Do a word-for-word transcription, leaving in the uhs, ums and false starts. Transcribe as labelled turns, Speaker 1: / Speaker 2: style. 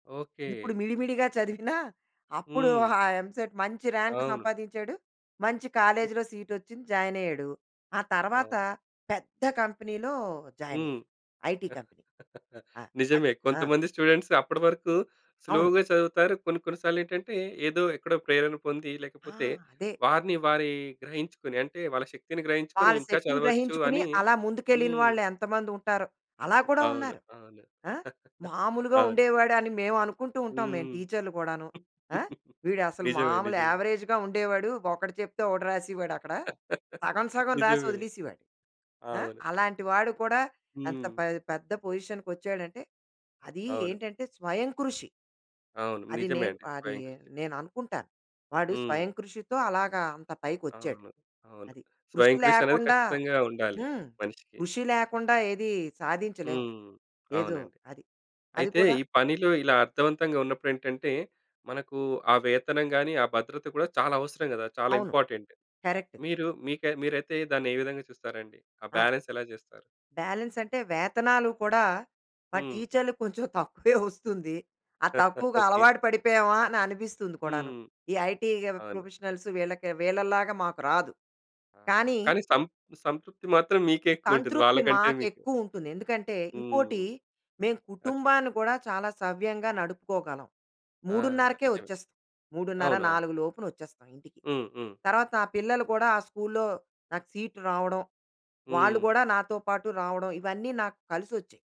Speaker 1: Okay.
Speaker 2: ఇప్పుడు మిడి మిడిగా చదివినా అప్పుడు
Speaker 1: హ్మ్.
Speaker 2: ఆ ఎంసెట్ మంచి రాంక్
Speaker 1: అవును.
Speaker 2: సంపాదించాడు. మంచి
Speaker 1: హ్మ్.
Speaker 2: కాలేజ్‌లో సీటొచ్చింది జాయినయ్యాడు. ఆ తర్వాత
Speaker 1: అవును.
Speaker 2: పెద్ద కంపెనీలో
Speaker 1: హ్మ్.
Speaker 2: జాయినయ్యాడు. IT company. ఆ! అద్
Speaker 1: నిజమే
Speaker 2: ఆ!
Speaker 1: కొంతమంది స్టూడెంట్స్ అప్పటివరకు
Speaker 2: అవును.
Speaker 1: స్లో‌గా చదువుతారు. కొన్ని కొన్ని సార్లెటంటే ఏదో ఎక్కడో ప్రేరణ పొంది
Speaker 2: ఆ!
Speaker 1: లేకపోతే
Speaker 2: అదే.
Speaker 1: వారిని వారి గ్రహించుకొని అంటే వాళ్ళ శక్తిని గ్రహించుకొని
Speaker 2: వాళ్ళ
Speaker 1: ఇంకా
Speaker 2: శక్తిని
Speaker 1: చదవచ్చు
Speaker 2: గ్రహించుకొని
Speaker 1: అని
Speaker 2: అలా ముందుకెళ్ళిన
Speaker 1: హ్మ్.
Speaker 2: వాళ్ళు ఎంతమంది ఉంటారో. అలా కూడా
Speaker 1: అవును.
Speaker 2: ఉన్నారు.
Speaker 1: అవును.
Speaker 2: ఆహ్, మాములుగా
Speaker 1: అవును.
Speaker 2: ఉండేవాడని మేము అనుకుంటూ ఉంటాం మేం
Speaker 1: హ్మ్.
Speaker 2: టీచర్లు గూడాను. ఆహ్, వీడసలు
Speaker 1: నిజమే
Speaker 2: మామూలు
Speaker 1: నిజమే.
Speaker 2: అవరేజ్‌గా ఉండేవాడు. ఒకటి చెప్తే ఒకటి రాసేవాడు అక్కడ. సగం సగం రాసి
Speaker 1: నిజమే.
Speaker 2: ఒదిలేసేవాడు. ఆహ్,
Speaker 1: అవును.
Speaker 2: అలాంటి వాడు కూడా ఎంత
Speaker 1: హ్మ్.
Speaker 2: పె పెద్ద పొజిషన్కొచ్చాడంటే అది
Speaker 1: అవును.
Speaker 2: ఏంటంటే స్వయం కృషి.
Speaker 1: అవును.
Speaker 2: అది
Speaker 1: నిజమే
Speaker 2: నేను,
Speaker 1: అండి.
Speaker 2: అది
Speaker 1: స్వయంకృషి.
Speaker 2: నేననుకుంటాను. వాడు
Speaker 1: హ్మ్.
Speaker 2: స్వయం కృషితో అలాగా అంత పైకొచ్చాడు.
Speaker 1: అవును. అవును.
Speaker 2: అది. కృషి
Speaker 1: స్వయం కృషి అనేది
Speaker 2: లేకుండా
Speaker 1: ఖచ్చితంగా ఉండాలి.
Speaker 2: హ్మ్.
Speaker 1: మనిషికి.
Speaker 2: కృషి లేకుండా ఏది సాధించలేం.
Speaker 1: హ్మ్.
Speaker 2: ఏదో
Speaker 1: అవునండి.
Speaker 2: అది. అది
Speaker 1: అయితే
Speaker 2: కూడా
Speaker 1: ఈ పనిలో ఇలా అర్థవంతంగా ఉన్నప్పుడెంటంటే మనకు ఆ వేతనం గాని, ఆ భద్రత గూడా చాలా అవసరం గదా! చాలా
Speaker 2: అవును.
Speaker 1: ఇంపార్టెంట్.
Speaker 2: కరెక్ట్.
Speaker 1: మీరు మి మీకై మీరైతే దాన్నె విధంగా చూస్తారండి. ఆ
Speaker 2: ఆ!
Speaker 1: బాలన్స్ ఎలా జెస్తారు?
Speaker 2: బాలన్సంటె వేతనాలు కూడా మా
Speaker 1: హ్మ్.
Speaker 2: టీచర్‌లకొంచెం తక్కువే ఒస్తుంది. ఆ తక్కువగా
Speaker 1: ఓకే.
Speaker 2: అలవాటు పడిపోయామా అని అనిపిస్తుంది కూడాను.
Speaker 1: హ్మ్.
Speaker 2: ఈ ఐటీ
Speaker 1: అవును.
Speaker 2: ప్రొఫెషనల్స్ వీళ్ళకి వీళ్ళలాగా మాకు రాదు.
Speaker 1: ఆహా!
Speaker 2: కానీ
Speaker 1: కానీ సం సంతృప్తి మాత్రం మీకే ఎక్కువ ఉంటుంది.
Speaker 2: సంతృప్తి
Speaker 1: వాళ్ళకంటే మీకు.
Speaker 2: మాకెక్కువుంటుంది. ఎందుకంటే ఇంకోటి
Speaker 1: హ్మ్.
Speaker 2: మేము
Speaker 1: ఓకే.
Speaker 2: కుటుంబాన్ని గూడా చాలా సవ్యంగా నడుపుకోగలం.
Speaker 1: ఆ!
Speaker 2: మూడున్నరకే
Speaker 1: నిజమే.
Speaker 2: ఒచ్చేస్తాం. మూడున్నర
Speaker 1: అవునవును.
Speaker 2: నాలుగు లోపున ఒచ్చేస్తాం ఇంటికి.
Speaker 1: హ్మ్. హ్మ్.
Speaker 2: తరువాత నా పిల్లలు కూడా ఆ స్కూల్లొ నాకు సీట్ రావడం, వాళ్ళు
Speaker 1: హ్మ్.
Speaker 2: గూడా నాతో పాటు రావడం, ఇవన్నీ నాకు కలిసొచ్చాయి.